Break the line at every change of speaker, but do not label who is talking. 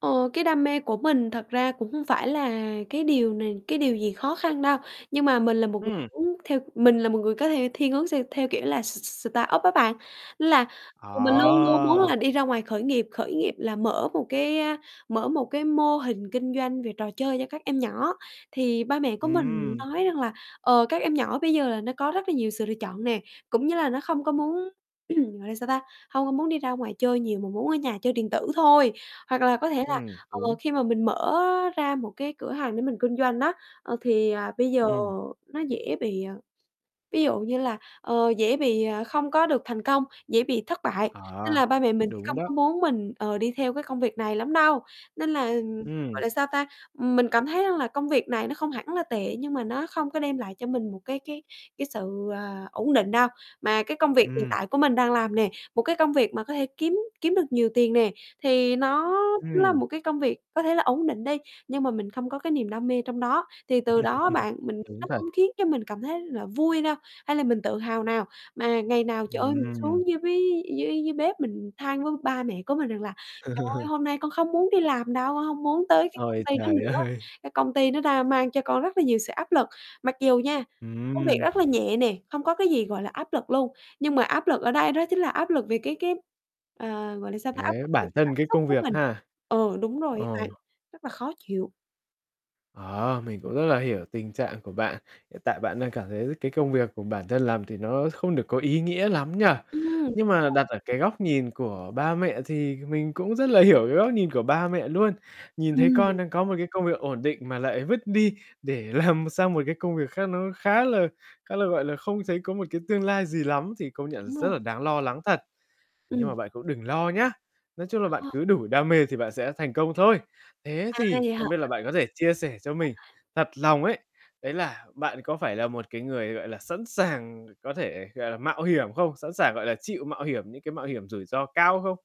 Ờ, cái đam mê của mình thật ra cũng hông phải là cái điều này cái điều gì khó khăn đâu. Nhưng mà mình là một người
Ừm
muốn theo mình là một người có thể thiên hướng s theo kiểu là s s startup á bạn. Nên là mình luôn luôn muốn
Ờ.
là đi ra ngoài khởi nghiệp. Khởi nghiệp là mở một cái, a, mở một cái mô hình kinh doanh về trò chơi cho các em nhỏ. Thì ba mẹ của mình
Ừm.
nói rằng là, ờ, các em nhỏ bây giờ là nó có rất là nhiều sự lựa chọn nè. Cũng như là nó không có muốn, gọi là sao ta, hông có muốn đi ra ngoài chơi nhiều mà muốn ở nhà chơi điện tử thôi. Hoặc là có thể là,
Ừm,
ờ,
đúng.
khi mà mình mở ra một cái cửa hàng để mình kinh doanh á, ờ, thì bây giờ
Ừm.
nó dễ bị, ờ, ví dụ như là, ờ, dễ bị, ờ, không có được thành công, dễ bị thất bại.
Ờ,
Nên là ba mẹ mình thì
đúng
không
đó.
có muốn mình, ờ, đi theo cái công việc này lắm đâu. Nên là, gọi
Ừm.
là sao ta, mình cảm thấy rằng là công việc này nó không hẳn là tệ nhưng mà nó không có đem lại cho mình một cái cái cái sự, ờ, ổn định đâu. Mà cái công việc hiện
Ừm.
tại của mình đang làm nè, một cái công việc mà có thể kiếm kiếm được nhiều tiền nè, thì nó nó là
Ừm.
một cái công việc có thể là ổn định đi. Nhưng mà mình không có cái niềm đam mê trong đó thì từ đó á bạn, mình
Đúng
nó
thật.
không khiến cho mình cảm thấy là vui đâu, hay là mình tự hào nào mà ngày nào, trời ơi, mình
Ừm.
xuống dưới với dưới dưới bếp mình than với ba mẹ của mình rằng là "Trời ơi, hôm nay con không muốn đi làm đâu, con hông muốn tới cái công
Ôi,
ty đó
trời
nữa,
ơi.
cái công ty nó đang mang cho con rất là nhiều sự áp lực". Mặc dù nha, công việc
Ừm.
rất là nhẹ nè, không có cái gì, gọi là, áp lực luôn. Nhưng mà áp lực ở đây đó chính là áp lực về cái cái, ờ, gọi là sao ta, áp
Thế
lực về
bản
cái
thân
cảm
cái
xúc
công
của
việc
mình.
ha.
Ờ, đúng rồi
Ờ.
á bạn, rất là khó chịu.
Ờ, mình cũng rất là hiểu tình trạng của bạn. Hiện tại bạn đang cảm thấy cái công việc của bản thân làm thì nó không được có ý nghĩa lắm nhỉ.
Ừm. Đúng
Nhưng mà
rồi.
đặt ở cái góc nhìn của ba mẹ thì mình cũng rất là hiểu cái góc nhìn của ba mẹ luôn. Nhìn thấy
Ừm.
con đang có một cái công việc ổn định mà lại vứt đi để làm sang một cái công việc khác nó khá là khá là, gọi là, không thấy có một cái tương lai gì lắm thì công nhận là
Đúng rồi.
rất là đáng lo lắng thật. Nhưng
Ừm.
mà bạn cũng đừng lo nhá. Nói chung là bạn
Ờ.
cứ đủ đam mê thì bạn sẽ thành công thôi. Thế
À,
thì
vậy
không biết là
hả?
bạn có thể chia sẻ cho
[unintelligible]
mình thật lòng ấy, đấy là bạn có phải là một cái người, gọi là, sẵn sàng có thể, gọi là, mạo hiểm không? Sẵn sàng, gọi là, chịu mạo hiểm những cái mạo hiểm rủi ro cao không?